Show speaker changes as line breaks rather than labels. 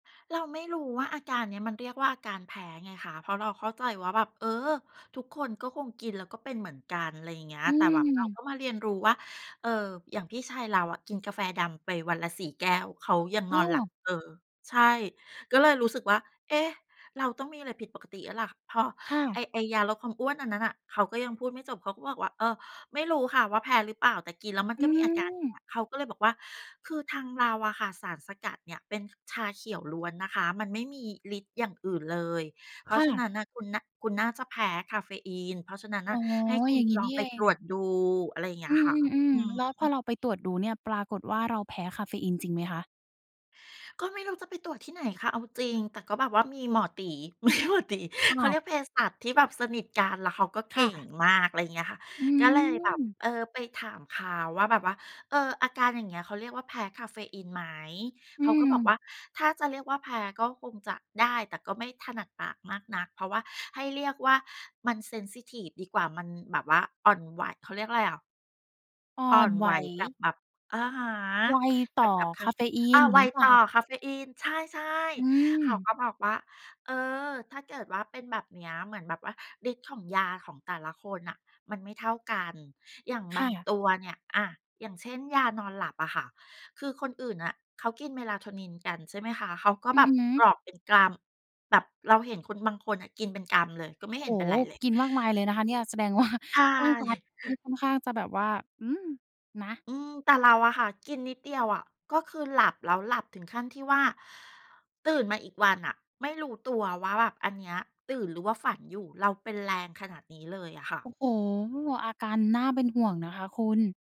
เราไม่รู้ว่า อาการเนี้ยมันเรียกว่าอาการแพ้ไงคะ เพราะเราเข้าใจว่าแบบ เออ ทุกคนก็คงกินแล้วก็เป็นเหมือนกัน อะไรอย่างเงี้ย
อ
แต่แบบเรา
ืม
ก็มาเรียนรู้ว่า เอ่อ อย่างพี่ชายเราอะกินกาแฟดำไปวันละ 4 แก้ว เขายัง
อ
น
้
อ
อ
นหลับ เออ ใช่ ก็เลยรู้สึกว่า เอ๊ะ เราต้องมีอะไรผิดปกติแล้วล่ะ เพราะ
ค่
ไอ้
ะ
ไอ้ยาลดความอ้วนอันนั้นน่ะ เขาก็ยังพูดไม่จบ เขาก็บอกว่า เออ ไม่รู้ค่ะว่าแพ้หรือเปล่า? แต่กินแล้วมัน
อ
ก็มีอาการเ
ืม
งี้ย เขาก็เลยบอกว่า "คือทางเราอะค่ะ สารสกัดเนี่ยเป็นชาเขียวล้วนนะคะ มันไม่มีฤทธิ์อย่างอื่นเลย เพร
ค
า
่
ะฉะน
ะ
ั้นน่ะคุณ น คุณน่าจะแพ้กาเฟอีน เพราะฉะนั้น
อ
น่
๋
ะ
อ
ให้ค
อ
ุ
ย่
ณ
างงี้
ล
น
อ
ี
ง
่
ไ
เ
ป
อ
ต
ง
รวจดู" อะไรอย่างเง
อ
ี้
ื
ยค่ะ
ม
อื
ๆ
อ
ๆ แล้วพ
ฮ
อ
ึ
เราไปตรวจดูเนี่ยปรากฏว่า เราแพ้กาเฟอีนจริงไหมคะ?
ก็ไม่รู้จะไปตรวจที่ไหนค่ะ? เอาจริง แต่ก็แบบว่ามีหมอตี๋ มีหมอตี๋
อ้
เข
า
า
ว
เรียกเภสัชที่แบบสนิทกัน แล้วเขาก็
ค
เก
่
่ง
ะ
มาก อะไรเงี้ยค่ะ
อื
ก็เลยแบบ
ม
เออ ไปถามเขาว่าแบบว่า เออ อาการอย่างเงี้ยเขาเรียกว่าแพ้กาเฟอีนไหม?
อื
เขาก็บอกว
ม
่า ถ้าจะเรียกว่าแพ้ก็คงจะได้ แต่ก็ไม่ถนัดปากมากนัก เพราะว่าให้เรียกว่ามันเซนซิทิฟดีกว่า มันแบบว่าอ่อนไหว เขาเรียกอะไรอะ
อ่อ
อ่อ
น
น
ไหว
ไหวกับแบบ อะฮะ
ไว
เก
ต่
ี
อ
่ยวกับก
ก
า
า
เ
เ
ฟ
ฟ
อีน
อี
อ
น
า ไว
งี้เปล่า
ต่อ
คะ?
กาเฟอีน ใช่
อื
ๆ เขา
ม
ก็บอกว่า เออ ถ้าเกิดว่าเป็นแบบเนี้ย เหมือนแบบว่าฤทธิ์ของยาของแต่ละคนน่ะมันไม่เท่ากัน อย่าง
ค
บา
่
ง
ะ
ตัวเนี่ย อะ อย่างเช่น ยานอนหลับอะค่ะ คือคนอื่นน่ะ เขากิน Melatonin กัน ใช่ไหมคะ เขาก็
อื
แบ
อ
บ
ฮ
ก
ึ
รอกเป็นกรัม แบบเราเห็นคนบางคนน่ะกินเป็นกำเลย ก็ไ
โ
ม
อ
่
้
เ
โ
ห
ฮ
็นเป็นไรเลย
กินมากมายเลยนะคะเนี่ย แสดงว่า
ใช
ร่างกาย
่
นี่ค่อนข้างจะแบบว่า อืม นะ
อืม แต่เราอะค่ะกินนิดเดียวอะ ก็คือหลับแล้ว หลับถึงขั้นที่ว่า ตื่นมาอีกวันน่ะไม่รู้ตัวว่า แบบอันเนี้ยตื่นหรือว่าฝันอยู่ เราเป็นแรงขนาดนี้เลยอะค่ะ
โอ้โฮ อาการน่าเป็นห่วงนะคะคุณ